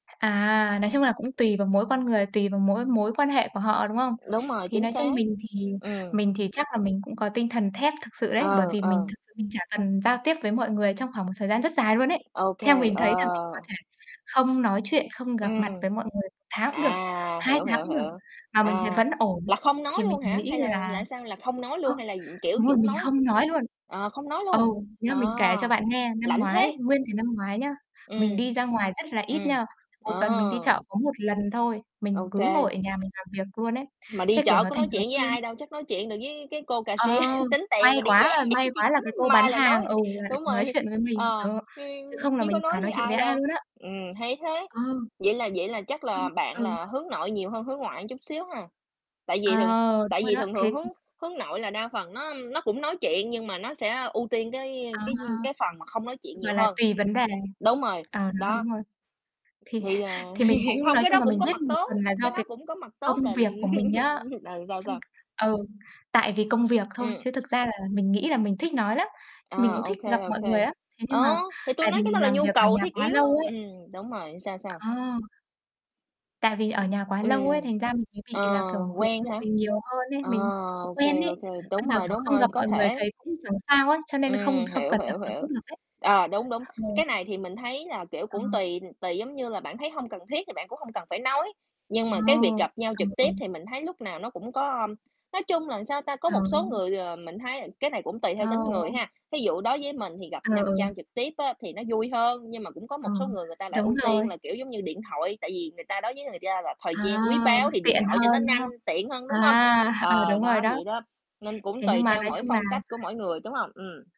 À, nói chung là cũng tùy vào mỗi con người, tùy vào mỗi mối quan hệ của họ, đúng không? Đúng rồi, Thì chính nói chung xác. mình thì Ừm. mình thì chắc là mình cũng có tinh thần thép thực sự đấy, bởi Ờ, vì mình ờ. thực sự mình chả cần giao tiếp với mọi người trong khoảng một thời gian rất dài luôn ấy. OK, Theo mình thấy là mình có ờ. thể không nói chuyện, không gặp mặt Ừm. với mọi người 1 tháng cũng được, À, 2 hiểu, tháng hiểu, cũng được, hiểu. mà mình thấy À. vẫn ổn, Là không nói thì mình luôn hả? nghĩ Hay là là là sao? Là không nói ơ, luôn, hay là, ừm, kiểu, đúng chỉ rồi, muốn mình nói không nói luôn. ờ, không nói Ừ, luôn. nghĩa À, là mình kể cho bạn nghe, năm lạnh thế! ngoái, nguyên cái năm ngoái nhá, mình Ừm. đi ra ngoài rất là ít Ừm. nha, 1 tuần mình đi Ờ. chợ có 1 lần thôi, mình Ô cứ kê. ngồi ở nhà mình làm việc luôn ấy, Mà đi thế, kiểu, chợ nó có thành nói thói chuyện với quen. ai đâu, chắc nói chuyện được với cái cô Ờ. cashier, tính tiền May rồi đi về. quá may Cho chị quá là cái cô đứng bán may là hàng nói. ừ, lại được Đúng nói rồi. chuyện với mình, Ờ, đó, chứ không ưm, là chứ có mình chả nói với nói chuyện với ai ai đâu. luôn á. Ừm, hay thế. Ờ. Vậy là vậy là chắc Ưm. là bạn Ừ. là hướng nội nhiều hơn hướng ngoại chút xíu ha. Tại Ờ, vì thường tại đúng rồi vì đó. thường Thì, thường hướng ưm hướng nội là đa phần nó, ưm, nó cũng nói chuyện, nhưng mà nó sẽ ưu tiên cái À cái ha. cái phần mà không nói chuyện Gọi nhiều là hơn. tùy vấn đề. Đúng rồi. Ờ, đó, Đó. đúng rồi. Thì Thì, à, h thì mình hiện cũng hông nói cái chung đó là cũng mình có biết mặt một tốt, phần là cái do đó cái cũng có mặt tốt công là việc của mình á. ờ, sao, Trong sao? ừ, tại vì công việc thôi Ừm. chứ thực ra là mình nghĩ là mình thích nói lắm. Mình À, cũng ô thích kê, gặp ô mọi người kê. lắm, thế nhưng Ờ, mà thì tui tại nói vì cái đó mình là làm nhu việc ở cầu nhà thiết quá yếu á. lâu ấy. Ừm, đúng rồi, sao, sao? À! Tại vì ở nhà quá lâu ấy, Ừm. thành ra mình mới bị Ờ, là, kiểu, hướng quen nội hả? nhiều hơn ấy, Ờ, mình, kiểu, ô quen kê, ấy. ô kê, đúng Bây giờ, rồi, kiểu, đúng không rồi, gặp có mọi người thể. thấy cũng chẳng sao ấy, cho nên không Ừm, không hiểu, cần gặp hiểu, nó hiểu. cũng được ấy. Ờ, đúng, đúng. Cái Ờ. này thì mình thấy là, kiểu, Ờ. cũng tùy tùy giống như là bạn thấy hông cần thiết thì bạn cũng hông cần phải nói, nhưng Ồ! mà cái việc gặp nhau À, trực tiếp ừ. thì mình thấy lúc nào nó cũng có, ưm, nói chung là, sao ta, có một [unintelligible] Luôn số ấy. người, ờ, mình thấy cái này cũng tùy Ờ. theo tính người ha. Thí dụ đối với mình thì gặp Ờ, nhặt nhau ừ. trực tiếp á thì nó vui hơn, nhưng mà cũng có Ờ. một số người người ta lại Đúng ưu tiên rồi. là, kiểu, giống như, điện thoại, tại vì người ta đối với người ta là thời À! gian quý báu thì điện Tiện thoại cho nó hơn, đúng nhanh, không? tiện hơn, đúng hông? À, ờ, Ờ, đúng rồi đó, đó. vậy đó. Nên cũng Thế nhưng tùy mà theo nói mỗi chung là phong cách của mỗi người, đúng hông? Ừm.